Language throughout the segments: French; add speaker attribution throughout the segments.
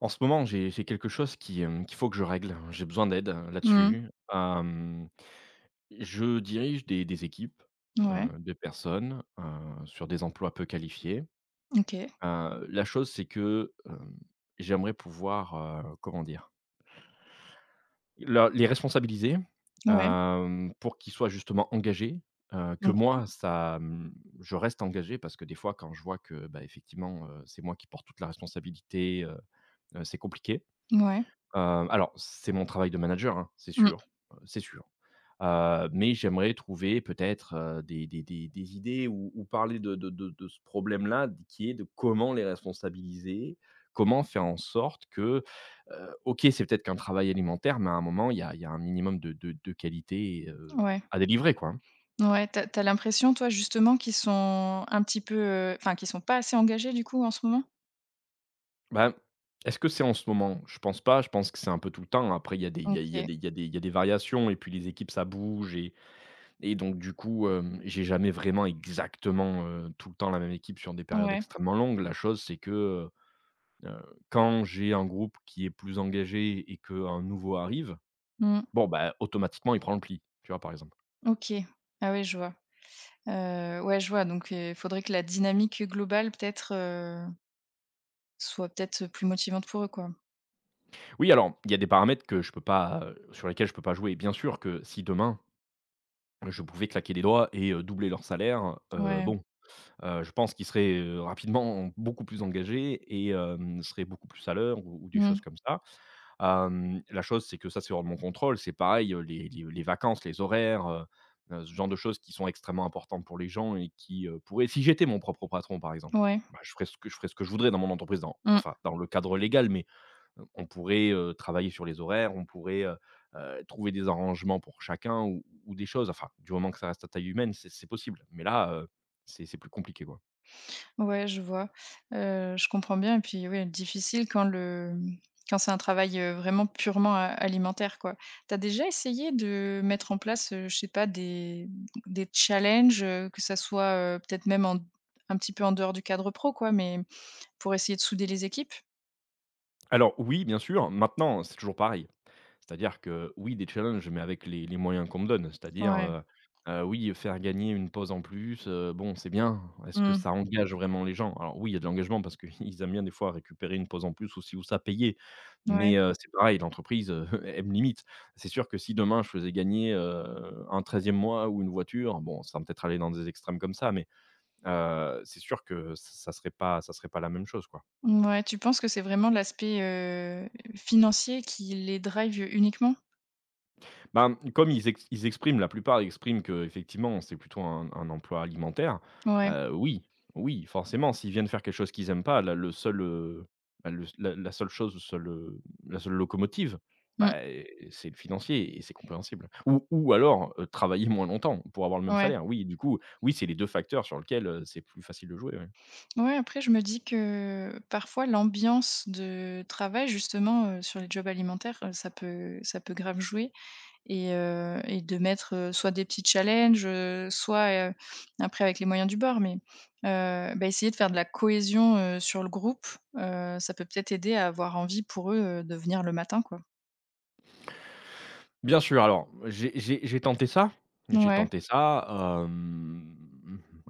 Speaker 1: En ce moment, j'ai j'ai quelque chose qui, hem, qu'il faut que je règle. J'ai besoin d'aide, heu,
Speaker 2: Mmh.
Speaker 1: là-dessus. Hem, je dirige des des équipes, heu,
Speaker 2: Ouais.
Speaker 1: de personnes, heu, sur des emplois peu qualifiés.
Speaker 2: OK.
Speaker 1: Heu, la chose, c'est que, hem, j'aimerais pouvoir, heu, comment dire? Le les responsabiliser,
Speaker 2: Ouais.
Speaker 1: hem, pour qu'ils soient justement engagés, heu, que
Speaker 2: OK.
Speaker 1: moi, ça m je reste engagé, parce que, des fois, quand je vois que, ben, effectivement, heu, c'est moi qui porte toute la responsabilité, heu heu, c'est compliqué.
Speaker 2: Ouais
Speaker 1: Heu, alors, c'est mon travail de manager, hein, c'est
Speaker 2: Mmh.
Speaker 1: sûr, heu, c'est sûr. Heu, mais j'aimerais trouver, peut-être, heu, des des des des idées, ou ou parler de de de de ce problème-là, d qui est de comment les responsabiliser? Comment faire en sorte que, heu OK, c'est peut-être qu'un travail alimentaire, mais un moment, il y a il y a un minimum de de de qualité, heu,
Speaker 2: Ouais.
Speaker 1: à délivrer, quoi.
Speaker 2: Ouais, tu as tu as l'impression, toi, justement, qu'ils sont un petit peu, heu, enfin, qui sont pas assez engagés, du coup, en ce moment?
Speaker 1: Ben, est-ce que c'est en ce moment? Je pense pas. Je pense que c'est un peu tout le temps. Après il y a des il y a il y a
Speaker 2: OK.
Speaker 1: des il y a des variations et puis les équipes, ça bouge et et donc du coup, hem, j'ai jamais vraiment, exactement, heu, tout le temps, la même équipe sur des périodes
Speaker 2: Ouais.
Speaker 1: extrêmement longues. La chose, c'est que, heu heu, quand j'ai un groupe qui est plus engagé et qu'un nouveau arrive,
Speaker 2: Mmh.
Speaker 1: bon, bah, automatiquement, il prend le pli. Tu vois, par exemple?
Speaker 2: OK, ah, oui, je vois. Heu, ouais, je vois donc heu, faudrait que la dynamique globale, peut-être, heu soit peut-être, heu, plus motivante pour eux, quoi?
Speaker 1: Oui, alors, il y a des paramètres que je peux pas, heu, sur lesquels je peux pas jouer. Bien sûr que, si demain je pouvais claquer des doigts et heu, doubler leurs salaires, heu,
Speaker 2: Ouais.
Speaker 1: bon, heu, je pense qu'ils seraient, heu, rapidement beaucoup plus engagés et hem, seraient beaucoup plus à l'heure ou ou des
Speaker 2: Mmh.
Speaker 1: choses comme ça. Hem, la chose c'est que ça, c'est hors de mon contrôle. C'est pareil, heu, les les les vacances, les horaires, heu, heu, ce genre de choses qui sont extrêmement importantes pour les gens et qui, heu, pourraient si j'étais mon propre patron par exemple,
Speaker 2: Ouais.
Speaker 1: bah je ferais ce que je ferais ce que je voudrais dans mon entreprise dans
Speaker 2: Mmh.
Speaker 1: enfin dans le cadre légal, mais heu, on pourrait, heu, travailler sur les horaires, on pourrait, heu, heu, trouver des arrangements pour chacun ou ou ou des choses enfin du moment que ça reste à taille humaine, c'est c'est possible, mais là, heu, c'est c'est plus compliqué, quoi.
Speaker 2: Ouais, je vois. Heu, je comprends bien et puis, oui, difficile quand le, mmh, quand c'est un travail, heu, vraiment purement, heu, alimentaire, quoi. Tu as déjà essayé de mettre en place, heu, je sais pas des des challenges, heu, que ça soit, heu, peut-être même en d un petit peu en dehors du cadre pro quoi, mais pour essayer de souder les équipes?
Speaker 1: Alors oui, bien sûr, maintenant c'est toujours pareil. C'est-à-dire que, oui des challenges, mais avec les les moyens qu'on me donne. C'est-à-dire,
Speaker 2: Ouais.
Speaker 1: heu, heu, oui faire gagner une pause en plus, heu, bon c'est bien. Est-ce que
Speaker 2: Mmh.
Speaker 1: ça engage vraiment les gens? Alors oui, il y a de l'engagement parce qu'ils aiment bien des fois récupérer une pause en plus, ou ci ou ça, payée,
Speaker 2: Ouais.
Speaker 1: mais heu, c'est pareil l'entreprise, heu, elle me limite. C'est sûr que si demain je faisais gagner, heu, un 13e mois ou 1 voiture, bon, sans peut-être aller dans des extrêmes comme ça mais heu, c'est sûr que ç ça serait pas ça serait pas la même chose quoi.
Speaker 2: Mouais, tu penses que c'est vraiment l'aspect, heu, financier, qui les drive uniquement?
Speaker 1: Ben, comme ils ex ils expriment, la plupart, expriment que effectivement c'est plutôt un un emploi alimentaire,
Speaker 2: Ouais.
Speaker 1: heu, oui, oui, forcément, s'ils viennent faire quelque chose qu'ils aiment pas, là, le seul, heu, ben, le s la la seule chose où ça le la seule, heu, la seule locomotive,
Speaker 2: Mmh.
Speaker 1: bah, eh, c'est le financier et c'est compréhensible ou ou alors, heu, travailler moins longtemps, pour avoir le même
Speaker 2: Ouais.
Speaker 1: salaire, oui, du coup, oui, c'est les 2 facteurs sur lequel, heu, c'est plus facile de jouer, ouais.
Speaker 2: Ouais, après je me dis que: «Parfois l'ambiance de travail justement, heu, sur les jobs alimentaires, heu, ça peut ça peut grave jouer et heu et de mettre, heu, soit des petits challenges, heu, soit, heu après avec les moyens du bord, mais heu, bah, essayer de faire de la cohésion, heu, sur le groupe, heu, ça peut peut-être aider à avoir envie pour eux, heu, de venir le matin», quoi.
Speaker 1: Bien sûr alors j'ai j'ai j'ai tenté ça. J'ai
Speaker 2: Ouais.
Speaker 1: tenté ça, hem,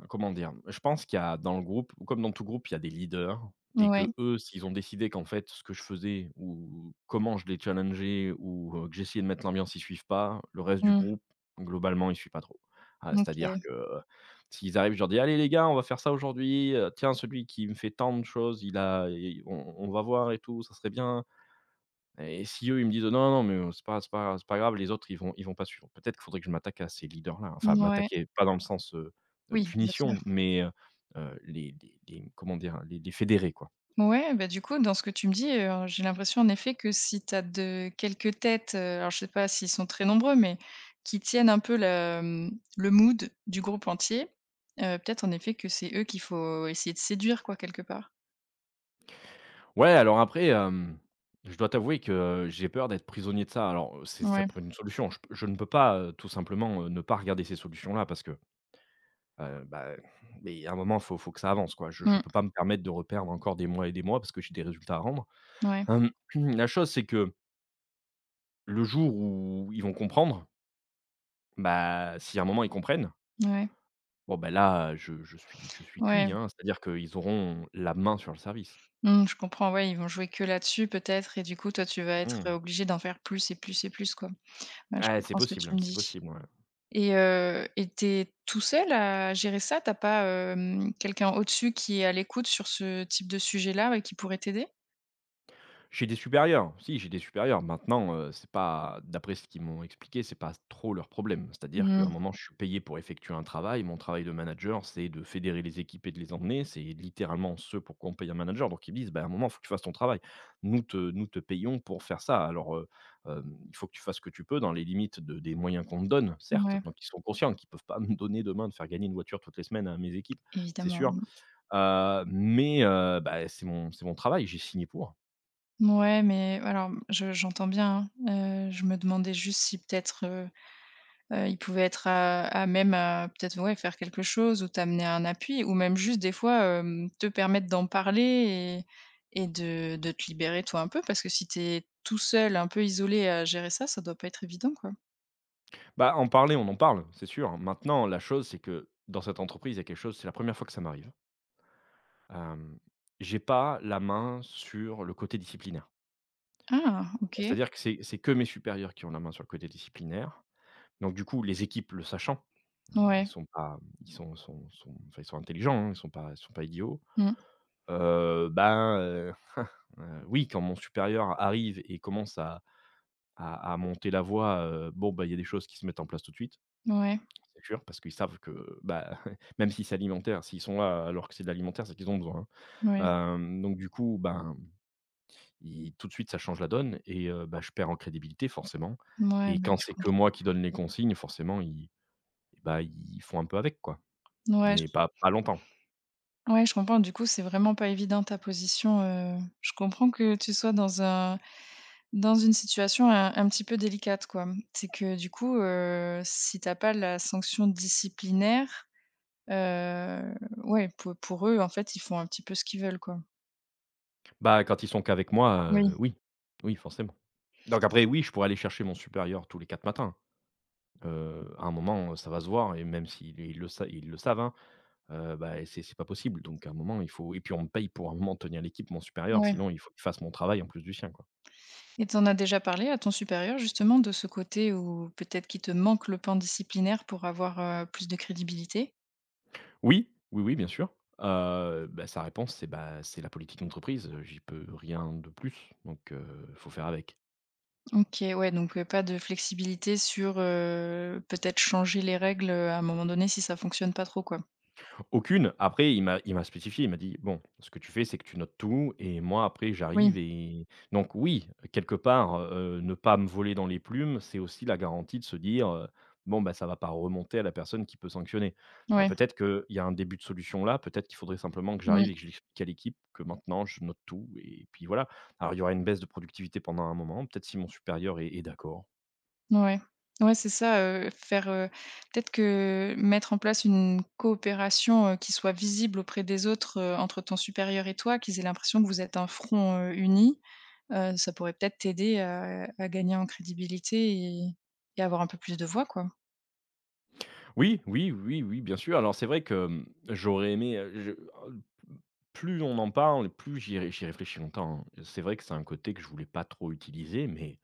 Speaker 1: comment dire, je pense qu'il y a dans le groupe, comme dans tout groupe, il y a des leaders et que
Speaker 2: Ouais.
Speaker 1: eux, s'ils ont décidé qu'en fait ce que je faisais ou ou comment je les challengeais ou heu, que j'essayais de mettre l'ambiance, ils suivent pas, le reste du
Speaker 2: Mmh.
Speaker 1: groupe globalement, il suit pas trop. Ah, c'est-à-dire
Speaker 2: OK.
Speaker 1: que, heu, s'ils arrivent, je leur dis: «Allez les gars! On va faire ça aujourd'hui, heu, tiens celui qui me fait tant de choses, il a et on on va voir et tout ça serait bien!» et si eux ils me disent: «Non, non, mais heu, c'est pas c'est pas c'est pas grave», les autres ils vont ils vont pas suivre. Peut-être qu'il faudrait que je m'attaque à ces leaders-là, hein, enfin,
Speaker 2: Mouais.
Speaker 1: m'attaquer, pas dans le sens, heu,
Speaker 2: Oui, bien sûr.
Speaker 1: punition mais heu heu, les les les comment dire? Les les fédérer, quoi.
Speaker 2: Ouais, bah, du coup, dans ce que tu me dis, heu, j'ai l'impression, en effet, que si tu as de quelques têtes alors, je sais pas s'ils sont très nombreux mais, qui tiennent un peu le le mood du groupe entier, heu, peut-être en effet que c'est eux qu'il faut essayer de séduire quoi, quelque part.
Speaker 1: Ouais alors après, hem, je dois t'avouer que, heu, j'ai peur d'être prisonnier de ça alors, heu, c'est ça
Speaker 2: Ouais.
Speaker 1: pourrait une solution, je peux je ne peux pas, heu, tout simplement, ne pas regarder ces solutions-là parce que, heu, bah, beh, à un moment faut faut que ça avance, quoi, je je
Speaker 2: Mmh.
Speaker 1: peux pas me permettre de reperdre encore des mois et des mois parce que j'ai des résultats à rendre,
Speaker 2: Ouais.
Speaker 1: la chose, c'est que le jour où ils vont comprendre bah, si à un moment, ils comprennent
Speaker 2: Ouais.
Speaker 1: bon, bah, là, je je suis je suis cuit,
Speaker 2: Ouais.
Speaker 1: hein, c'est-à-dire qu'ils auront la main sur le service.
Speaker 2: Mmh, je comprends, ouais, ils vont jouer que là-dessus peut-être et du coup, toi, tu vas être,
Speaker 1: Mmh.
Speaker 2: heu, obligé d'en faire plus et plus et plus, quoi, bah, je
Speaker 1: Eh, c'est
Speaker 2: comprends ce que tu
Speaker 1: possible
Speaker 2: me
Speaker 1: c'est
Speaker 2: dis
Speaker 1: possible, ouais.
Speaker 2: et heu, et tu es tout seul à gérer ça? Tu as pas, hem, quelqu'un au-dessus qui est à l'écoute sur ce type de sujet-là et qui pourrait t'aider?
Speaker 1: J'ai des supérieurs. Si, j'ai des supérieurs. Maintenant, heu, c'est pas d'après ce qu'ils m'ont expliqué, c'est pas s trop leur problème. C'est-à-dire qu'à un
Speaker 2: Mmh.
Speaker 1: moment, je suis payé pour effectuer un travail. Mon travail de manager, c'est de fédérer les équipes et de les emmener. C'est littéralement ce pour quoi on paye un manager. Donc ils disent: «Ben à un moment, faut que tu fasses ton travail. Nous te nous te payons pour faire ça alors, heu, hem, il faut que tu fasses ce que tu peux» dans les limites de des moyens qu'on me donne, certes.
Speaker 2: Mouais.
Speaker 1: Donc ils sont conscients qu'ils peuvent pas me donner demain de faire gagner une voiture toutes les semaines à mes équipes, c'est
Speaker 2: Evidemment,
Speaker 1: sûr.
Speaker 2: non.
Speaker 1: Heu mais heu bah, c'est mon c'est mon travail j'ai signé pour.
Speaker 2: Mouais mais heu, alors, je j'entends bien, hein. Heu, je me demandais juste si, peut-être, heu heu, ils pouvaient être à à même, heu, peut-être, ouais, faire quelque chose ou t'amener un appui ou même juste des fois, heu, te permettre d'en parler et et de de te libérer, toi, un peu. Parce que si tu es, tout seul, un peu isolé, à gérer ça, ça doit pas être évident, quoi.
Speaker 1: Bah, en parler, on en parle, c'est sûr. Maintenant, la chose c'est que dans cette entreprise, il y a quelque chose, c'est la 1re fois que ça m'arrive hem, j'ai pas la main sur le côté disciplinaire.
Speaker 2: Ah!
Speaker 1: Bah
Speaker 2: OK.
Speaker 1: c'est-à-dire que c'est c'est que mes supérieurs qui ont la main sur le côté disciplinaire. Donc du coup, les équipes, le sachant, mmh, ils
Speaker 2: Ouais.
Speaker 1: sont pas ils sont sont sont enfin ils sont intelligents, hein. Ils sont pas ils sont pas idiots.
Speaker 2: Mmh.
Speaker 1: Heu bah, heu, hein, heu, oui, quand mon supérieur arrive et commence à à à monter la voix, heu, bon bah, il y a des choses qui se mettent en place tout de suite.
Speaker 2: Ouais.
Speaker 1: C'est sûr parce qu'ils savent que, bah, même si c'est alimentaire, s'ils sont là alors que c'est de l'alimentaire, c'est qu'ils ont besoin.
Speaker 2: Moui.
Speaker 1: Hem donc du coup, ben, ils tout de suite ça change la donne et heu bah je perds en crédibilité forcément
Speaker 2: Ouais.
Speaker 1: et
Speaker 2: Bah, oui,
Speaker 1: quand
Speaker 2: je
Speaker 1: c'est que
Speaker 2: comprends.
Speaker 1: moi qui donne les consignes forcément ils eh bah ils font un peu avec quoi.
Speaker 2: Ouais j
Speaker 1: Mais pas pas longtemps.
Speaker 2: Ouais. Je comprends. Du coup, c'est vraiment pas évident ta position, heu, je comprends que tu sois dans un dans une situation un un petit peu délicate, quoi. C'est que du coup, heu, si tu as pas la sanction disciplinaire, heu, ouais, p pour eux, en fait, ils font un petit peu ce qu'ils veulent, quoi.
Speaker 1: Bah, quand ils sont qu'avec moi, heu,
Speaker 2: Oui.
Speaker 1: oui, oui forcément. Donc après, oui, je pourrais aller chercher mon supérieur tous les 4 matins. Heu, à un moment, heu, ça va se voir et même si les ils le sa ils le savent hein. Heu, bah, c'est c'est pas possible donc à un moment il faut et puis on me paye pour à un moment tenir l'équipe. Mon supérieur
Speaker 2: Ouais.
Speaker 1: sinon il faut qu'il fasse mon travail en plus du sien quoi.
Speaker 2: Et tu en a déjà parlé à ton supérieur justement de ce côté où peut-être qu'il te manque le plan disciplinaire pour avoir, heu, plus de crédibilité?
Speaker 1: Oui! Oui, oui bien sûr. Heu, bah, sa réponse, c'est: «Bah, c'est la politique d'entreprise, heu, j'y peux rien de plus donc, heu, faut faire avec».
Speaker 2: OK, ouais donc heu, pas de flexibilité sur, heu, peut-être changer les règles, heu, à un moment donné si ça fonctionne pas trop quoi?
Speaker 1: Aucune, après il m'a il m'a spécifié, il m'a dit: «Bon, ce que tu fais, c'est que tu notes tout et moi après j'arrive»
Speaker 2: Oui.
Speaker 1: et donc, oui, quelque part, heu, ne pas me voler dans les plumes, c'est aussi la garantie de se dire, heu: «Bon, bah, ça va pas remonter à la personne qui peut sanctionner». Ben,
Speaker 2: Ouais.
Speaker 1: peut-être qu'il y a un début de solution là, peut-être qu'il faudrait simplement que
Speaker 2: Mmh.
Speaker 1: j'arrive et que j'explique à l'équipe que maintenant je note tout, et puis voilà. Alors, il y aura une baisse de productivité pendant un moment, peut-être si mon supérieur est est d'accord.
Speaker 2: Ouais. Ouais c'est ça, heu, faire, heu, peut-être que mettre en place une coopération, heu, qui soit visible auprès des autres, heu, entre ton supérieur et toi, qu'ils aient l'impression que vous êtes un front, heu, uni, heu, ça pourrait peut-être t'aider, heu, à gagner en crédibilité et et avoir un peu plus de voix quoi.
Speaker 1: Oui, oui, oui, oui, bien sûr, alors c'est vrai que, mmh, j'aurais aimé, heu, je plus on en parle plus j'y ré j'y réfléchis longtemps, hein. C'est vrai que c'est un côté que je voulais pas trop utiliser mais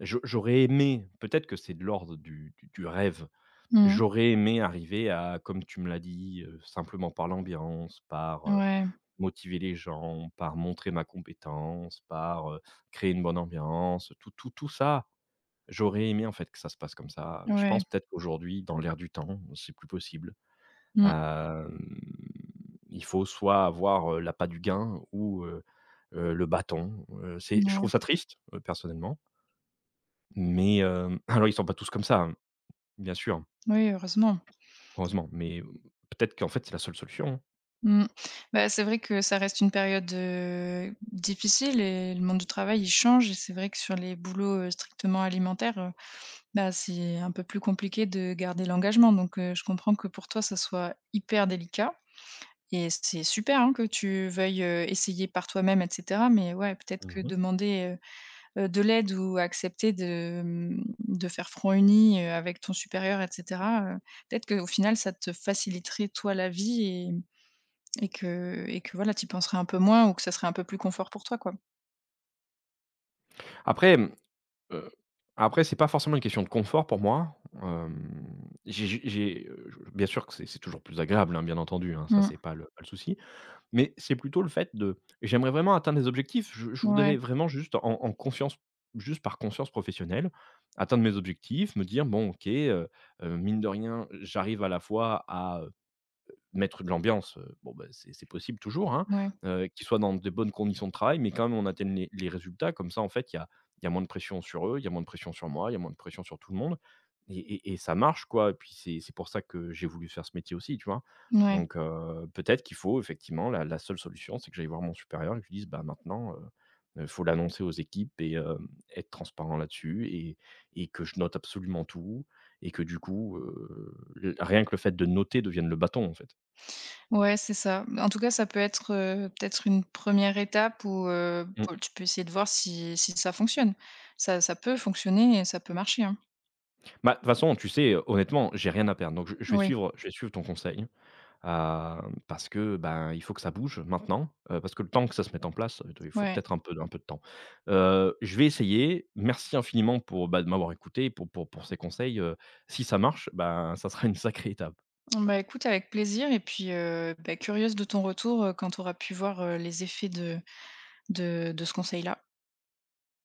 Speaker 1: j'au j'aurais aimé peut-être que c'est de l'ordre du du du rêve.
Speaker 2: Mmh mh.
Speaker 1: J'aurais aimé arriver à, comme tu me l'as dit, heu, simplement par l'ambiance, par, heu,
Speaker 2: Ouais.
Speaker 1: motiver les gens, par montrer ma compétence, par, heu, créer une bonne ambiance, tout tout tout ça, j'aurais aimé en fait que ça se passe comme ça. Je
Speaker 2: Ouais.
Speaker 1: pense peut-être aujourd'hui, dans l'air du temps, c'est plus possible.
Speaker 2: Mmh.
Speaker 1: Hem, il faut soit avoir, heu, l'appât du gain ou, heu heu, le bâton, heu, c'est je
Speaker 2: Mouais.
Speaker 1: trouve ça triste, heu, personnellement mais hem, alors ils sont pas tous comme ça, hein, bien sûr.
Speaker 2: Oui, heureusement.
Speaker 1: Heureusement. Mais hem, peut-être qu'en fait c'est la seule solution.
Speaker 2: Mmh. Bah c'est vrai que ça reste une période, heu, difficile et le monde du travail il change et c'est vrai que sur les boulots, heu, strictement alimentaires, heu, bah c'est un peu plus compliqué de garder l'engagement donc heu, je comprends que pour toi ça soit hyper délicat, et c'est super hein que tu veuilles, heu, essayer par toi-même et cetera mais ouais peut-être que
Speaker 1: Mmh mh.
Speaker 2: demander, heu heu, de l'aide ou accepter de, mmh, de faire front uni, heu, avec ton supérieur et cetera, heu, peut-être qu'au final ça te faciliterait toi la vie et et que et que voilà tu y penserais un peu moins ou que ça serait un peu plus confort pour toi quoi.
Speaker 1: Après mmh heu, après c'est pas forcément une question de confort pour moi. Hem, j'ai j j'ai, heu, je bien sûr que c'est c'est toujours plus agréable, hein, bien entendu, hein, ça
Speaker 2: Mmh.
Speaker 1: c'est pas le pas le souci mais c'est plutôt le fait de: j'aimerais vraiment atteindre les objectifs je je
Speaker 2: Mouais.
Speaker 1: voudrais vraiment juste en en confiance juste par conscience professionnelle, atteindre mes objectifs, me dire: «Bon OK, heu heu, mine de rien j'arrive à la fois à, heu, mettre de l'ambiance, heu, bon ben c'est c'est possible toujours hein,
Speaker 2: Mouais.
Speaker 1: heu, qu'ils soient dans de bonnes conditions de travail mais quand même on atteigne les les résultats, comme ça en fait il y a il y a moins de pression sur eux, il y a moins de pression sur moi, il y a moins de pression sur tout le monde» et et et ça marche quoi et puis c'est c'est pour ça que j'ai voulu faire ce métier aussi tu vois?
Speaker 2: Mouais.
Speaker 1: Donc heu, peut-être qu'il faut effectivement, la la seule solution c'est que j'aille voir mon supérieur et je lui dise: «Bah maintenant, heu heu, faut l'annoncer aux équipes et hem, être transparent là-dessus et et que je note absolument tout et que du coup», heu, l rien que le fait de noter devienne le bâton en fait.
Speaker 2: Ouais c'est ça. Mmh, en tout cas ça peut être, heu, peut-être une 1re étape ou heu,
Speaker 1: Mmh.
Speaker 2: po tu peux essayer de voir si si ça fonctionne. Ça ça peut fonctionner et ça peut marcher hein.
Speaker 1: Bah de toute façon, tu sais, heu, honnêtement, j'ai rien à perdre, donc je je vais
Speaker 2: Oui.
Speaker 1: suivre je vais suivre ton conseil. Hem, parce que, bah il faut que ça bouge maintenant, heu, parce que le temps que ça se mette en place, heu, attends, il faut
Speaker 2: Ouais.
Speaker 1: peut-être un peu un peu de temps. Heu, je vais essayer, merci infiniment pour bah de m'avoir écouté, pour pour pour ces conseils, heu, si ça marche, bah ça sera une sacrée étape.
Speaker 2: Mmh bah écoute avec plaisir et puis, heu, bah curieuse de ton retour, heu, quand tu auras pu voir, heu, les effets de de de ce conseil là.